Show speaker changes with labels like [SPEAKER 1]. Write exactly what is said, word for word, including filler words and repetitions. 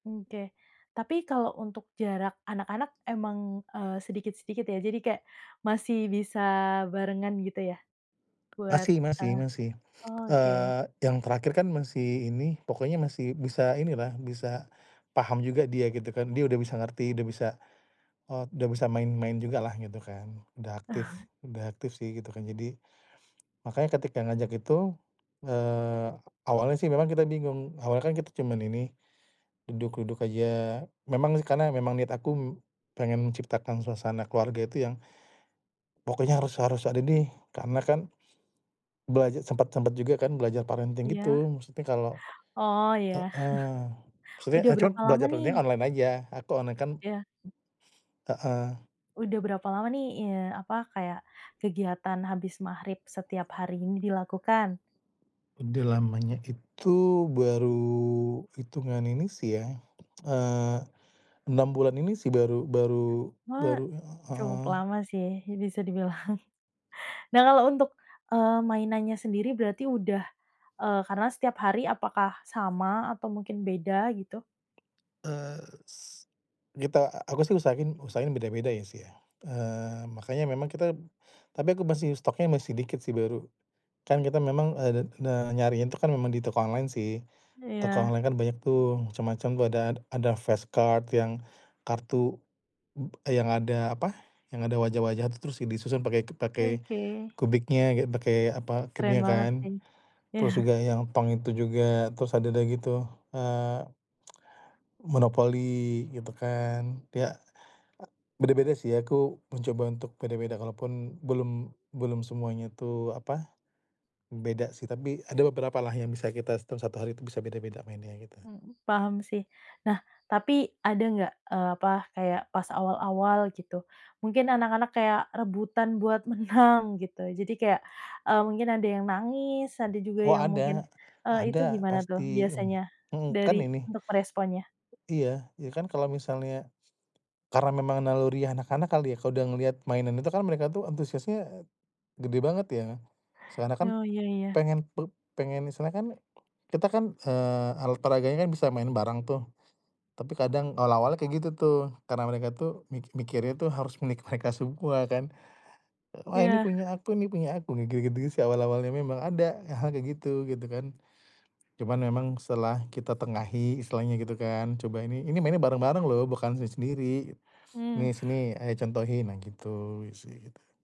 [SPEAKER 1] Oke, tapi kalau untuk jarak anak-anak emang, eee, sedikit-sedikit ya jadi kayak masih bisa barengan gitu ya? Buat,
[SPEAKER 2] Masih masih
[SPEAKER 1] eee,
[SPEAKER 2] masih.
[SPEAKER 1] oke.
[SPEAKER 2] Eee, yang terakhir kan masih ini, pokoknya masih bisa ini lah, bisa paham juga dia gitu kan, dia udah bisa ngerti udah bisa, eee, udah bisa main-main juga lah gitu kan udah aktif, udah aktif sih gitu kan jadi makanya ketika ngajak itu, eee, awalnya sih memang kita bingung, awalnya kan kita cuman ini, duduk-duduk aja memang sih karena memang niat aku pengen menciptakan suasana keluarga itu yang, pokoknya harus harus ada nih karena kan belaja sempet sempet juga kan belajar parenting
[SPEAKER 1] Iya.
[SPEAKER 2] gitu maksudnya kalau
[SPEAKER 1] Oh, iya.
[SPEAKER 2] heeh, maksudnya
[SPEAKER 1] Udah
[SPEAKER 2] ah, cuman
[SPEAKER 1] berapa lama
[SPEAKER 2] belajar parenting
[SPEAKER 1] nih?
[SPEAKER 2] online aja aku online kan
[SPEAKER 1] Ya.
[SPEAKER 2] heeh.
[SPEAKER 1] Udah berapa lama nih, eee, apa kaya kegiatan habis maghrib setiap hari ini dilakukan?
[SPEAKER 2] Udah lamanya itu baru hitungan ini sih ya, eee, enam bulan ini sih baru baru
[SPEAKER 1] Wah,
[SPEAKER 2] baru
[SPEAKER 1] cukup
[SPEAKER 2] heeh.
[SPEAKER 1] lama sih bisa dibilang. Nah kalau untuk, eee, mainannya sendiri berarti udah, eee, karena setiap hari apakah sama atau mungkin beda gitu?
[SPEAKER 2] Eee, s kita aku sih usahain usahain beda-beda ya sih ya. Eee, makanya memang kita, tapi aku masih stock-nya masih dikit sih baru. Kan kita memang, eee, de de nyarinya itu kan memang di toko online sih. Toko
[SPEAKER 1] Iya.
[SPEAKER 2] online kan banyak tuh, macam-macam tuh ada ada fast card yang kartu, yang ada apa yang ada wajah-wajah tuh terus disusun pakai pakai
[SPEAKER 1] Oke.
[SPEAKER 2] kubiknya gitu pakai apa
[SPEAKER 1] Keren
[SPEAKER 2] cube-nya
[SPEAKER 1] banget
[SPEAKER 2] kan,
[SPEAKER 1] sih.
[SPEAKER 2] terus juga yang tong itu juga, terus ada deh gitu, eee Monopoli gitu kan, ya, beda-beda sih aku mencoba untuk beda-beda kalaupun belum belum semuanya tuh apa, beda sih tapi ada beberapa lah yang bisa kita tuh satu hari itu bisa beda-beda mainnya kita.
[SPEAKER 1] Mhm, paham sih. Nah, tapi ada enggak, eee, apa kayak pas awal-awal gitu? Mungkin anak-anak kayak rebutan buat menang gitu. Jadi kayak, eee, mungkin ada yang nangis, ada juga
[SPEAKER 2] Wah,
[SPEAKER 1] yang mungkin,
[SPEAKER 2] ada,
[SPEAKER 1] eee, itu
[SPEAKER 2] ada
[SPEAKER 1] gimana tuh
[SPEAKER 2] pasti, mhm,
[SPEAKER 1] biasanya
[SPEAKER 2] mmm, kan
[SPEAKER 1] dari
[SPEAKER 2] ini
[SPEAKER 1] untuk meresponnya?
[SPEAKER 2] iya, ya kan kalau misalnya, karena memang naluri anak-anak kali ya kalau udah ngelihat mainan itu kan mereka tuh antusiasnya, eee, gede banget ya. Seakan-akan
[SPEAKER 1] Oh, iya iya.
[SPEAKER 2] pengen pe pengen misalnya kan kita kan, eee, alat olahraganya kan bisa main bareng tuh, tapi kadang awal-awalnya kayak gitu tuh karena mereka tuh mikir mikirnya tuh harus milik mereka semua kan. Wah, ini
[SPEAKER 1] Iya.
[SPEAKER 2] punya aku nih punya aku, kayak gitu-gitu sih awal-awalnya memang ada hal-hal kayak gitu, gitu kan. Cuman memang setelah kita tengahi istilahnya gitu kan, "Coba ini, ini mainnya bareng-bareng lho bukan sendiri-sendiri.
[SPEAKER 1] Mmm.
[SPEAKER 2] Nih, sini ayah contohin," nah gitu sih gitu.